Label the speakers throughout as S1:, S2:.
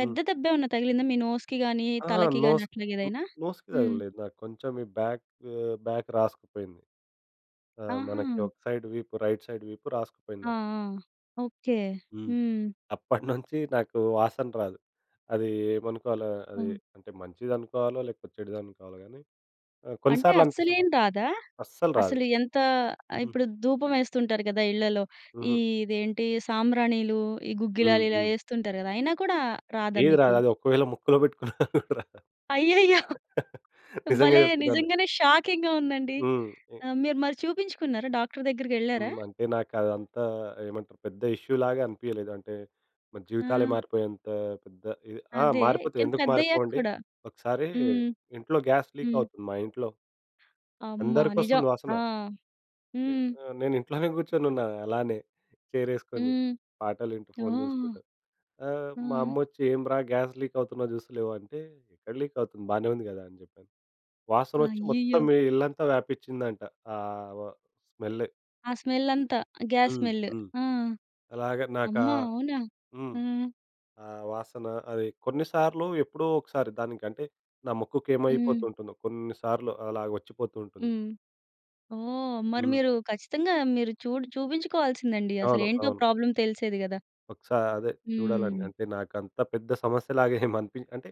S1: హ్మ్.
S2: దెబ్బేమన్నా తగిలిందా? మీ నోస్‌కి గాని
S1: ఆహా!
S2: తలకి గాని
S1: నోస్
S2: అట్లా
S1: న్
S2: ఏదైనా?
S1: నోస్‌కి ఆ!
S2: హ్మ్.
S1: తగలేదు. నాకు కొంచెం బాక్ బాక్ రాసుకుపోయింది. ఆ! మనకి
S2: ఆహా!
S1: ఒక సైడ్ వీపు రైట్ సైడ్ వీపు రాసుకుపోయింది
S2: ఆ!
S1: నాకు.
S2: ఆ! ఓకే.
S1: హ్మ్.
S2: హ్మ్.
S1: అప్పటినుంచి నాకు వాసన రాదు. అది ఏమనుకోవాలో అది.
S2: ఓహ్!
S1: అంటే మంచిది అనుకోవాలో లేకపోతే, చెడుది అనుకోవాలో గాని ఆహ్, కొన్ని
S2: అంటే
S1: సార్లు అనిపిస్తుంది
S2: అస్సలేం రాదా?
S1: అస్సలు రాదు.
S2: అసలు ఎంత ఇప్పుడు
S1: హుహు.
S2: దూపం ఎస్తుంటారు గదా! ఇళ్ళలో. ఈ
S1: హుహు.
S2: ఇదేంటి సాంబ్రాణిలు, ఈ
S1: హ్మ్.
S2: గుగ్గిలాలిలా
S1: హ్మ్.
S2: ఎస్తుంటారు గదా! అయినా కూడా రాదా
S1: ఏది
S2: మీకు?
S1: రాదు. అది ఒకవేళ ముక్కులో బెట్టుకున్న. గూడ రా
S2: అయ్యయ్యో!
S1: నిజంగా
S2: భలే
S1: చెప్తున్నాను.
S2: నిజంగానే షాకింగ్‌గా ఉందండి.
S1: హ్మ్. ఎక్
S2: ఆహ్, మీరు మరి చూపించుకున్నారా? డాక్టర్ దగ్గరికెళ్ళారా?
S1: హ్మ్. అంటే నాకదంతా ఏమంటారు పెద్ద ఇష్యూ లాగా అనిపియలేదు. అంటే జీవితాలే
S2: ఆ!
S1: మారిపోయేంత పెద్ద ఇది ఆ!
S2: అదే
S1: మారిపోతే
S2: కాని
S1: ఎందుకు
S2: పెద్దయ్యకి
S1: మారిపోవండి?
S2: కూడా?
S1: ఒకసారి
S2: హ్మ్.
S1: ఇంట్లో గ్యాస్ లీక్
S2: హ్మ్.
S1: అవుతుంది మా ఇంట్లో.
S2: అమ్మ! నిజం.
S1: అందరికోస్తుంది
S2: ఆ!
S1: వాసన. ఎ
S2: హ్మ్.
S1: ఆహ్, నేను ఇంట్లోనే గూర్చొని ఉన్నా అలానే. చేరెసుకొని.
S2: హ్మ్.
S1: పాటలు వింటూ ఫోన్
S2: ఓహ్!
S1: జూసుకుంటూ. ఆ! మా
S2: ఆ!
S1: అమ్మ ఒచ్చి "ఎం రా! గ్యాస్ లీక్ అవుతున్నా జూస్తలేవు?" అంటే ఎక్కడ లీక్ అవుతుంది. బానే ఉంది గదా! అని జెప్పాను. వాసనొచ్చి మొత్తం
S2: అయ్యయ్యో!
S1: మీ ఇల్లంతా వ్యాపించిందంట ఆ వ స్మెల్.
S2: ఆ స్మెల్ అంతా. గ్యాస్
S1: హ్మ్.
S2: స్మెల్.
S1: హ్మ్.
S2: ఆ!
S1: అలాగే నాకా
S2: అమ్మ! అవునా?
S1: హ్మ్.
S2: హ్మ్.
S1: ఆ! వాసన అది కొన్ని సార్లు ఎప్పుడో ఒకసారి దానికంటే నా ముక్కుకి
S2: హ్మ్.
S1: ఏమైపోతుంటుందో కొన్ని సార్లు అలా ఒచ్చిపోతూ ఉంటుంది.
S2: హ్మ్. ఓహ్! మరి
S1: హ్మ్.
S2: మీరు ఖచ్చితంగా మీరు చూడ్ చూబించుకోవాల్సిందండి.
S1: అవును.
S2: అసలేంటో
S1: అవును.
S2: ప్రాబ్లమ్ తెలిసేది గదా!
S1: ఒకసా అదే చూడాలండి.
S2: హ్మ్.
S1: అంటే నాకంత పెద్ద సమస్య లాగా ఏం అనిపించ్ అంటే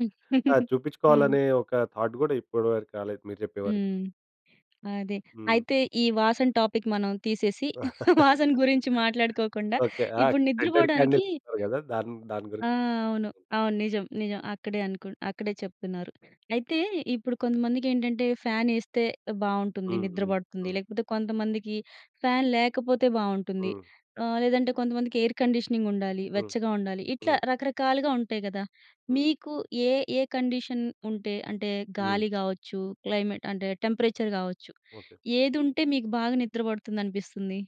S1: ఆహ్, చూపించుకోవాలి
S2: హ్మ్.
S1: అనే ఒక థాట్ గూడా ఇప్పటి వరకు రాలేదు మీరు జెప్పే వరకు.
S2: హ్మ్. అదే.
S1: హ్మ్.
S2: అయితే ఈ వాసన టాపిక్ మనం తీసేసి వాసన గురించి మాట్లాడుకోకుండా
S1: ఓకే. ఆ!
S2: ఇప్పుడు నిద్ర
S1: సెంటెడ్ క్యాండిల్
S2: బోడానికి
S1: ఉంటారు గదా! దాన్ దాని
S2: ఆ!
S1: గురించి.
S2: అవును. అవును. నిజం. నిజం. అక్కడే అనుకు అక్కడే చెప్తున్నారు. అయితే ఇప్పుడు కొంతమందికేంటంటే ఫ్యానేస్తే బావుంటుంది.
S1: హ్మ్.
S2: నిద్ర
S1: హ్మ్.
S2: బడుతుంది.
S1: హ్మ్.
S2: లేకపోతే కొంతమందికి ఫ్యాన్ లేకపోతే బావుంటుంది.
S1: హ్మ్.
S2: ఆహ్, లేదంటే కొంతమందికి ఎయిర్ కండిషనింగ్ ఉండాలి.
S1: హ్మ్.
S2: వెచ్చగా ఉండాలి. ఇట్లా
S1: హ్మ్.
S2: రకరకాలుగా ఉంటాయి గదా!
S1: హ్మ్.
S2: మీకు ఏ ఏ కండిషన్ ఉంటే అంటే
S1: హ్మ్.
S2: గాలి గావచ్చు క్లైమేట్ అంటే టెంపరేచర్ గావచ్చు.
S1: ఓకే.
S2: ఏదుంటే మీకు బాగా నిద్ర పడుతుంది అనిపిస్తుంది?